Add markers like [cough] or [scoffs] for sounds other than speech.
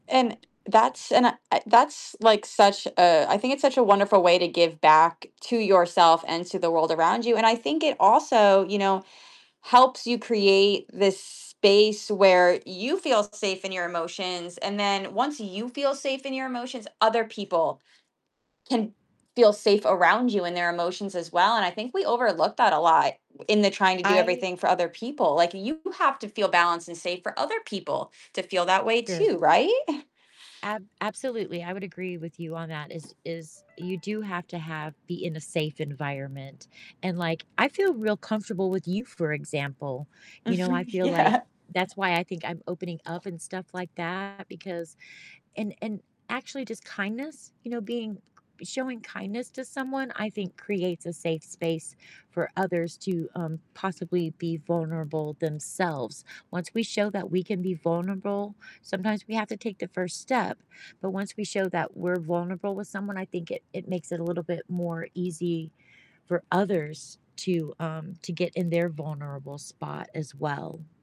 And that's and I that's like such a I think it's such a wonderful way to give back to yourself and to the world around you, and I think it also, you know, helps you create this space where you feel safe in your emotions, and then once you feel safe in your emotions, other people can feel safe around you in their emotions as well, and I think we overlook that a lot in the trying to do I everything for other people. Like, you have to feel balanced and safe for other people to feel that way Sure. too, right? [scoffs] Ab absolutely, I would agree with you on that is is you do have to have be in a safe environment, and like I feel real comfortable with you, for example. You know, I Mhm. feel like Yeah. that's why I think I'm opening up and stuff like that because and and actually just kindness, you know, being showing kindness to someone I think creates a safe space for others to, um, possibly be vulnerable themselves. Once we show that we can be vulnerable, sometimes we have to take the first step, but once we show that we're vulnerable with someone, I think it it makes it a little bit more easy for others to, um, to get in their vulnerable spot as well.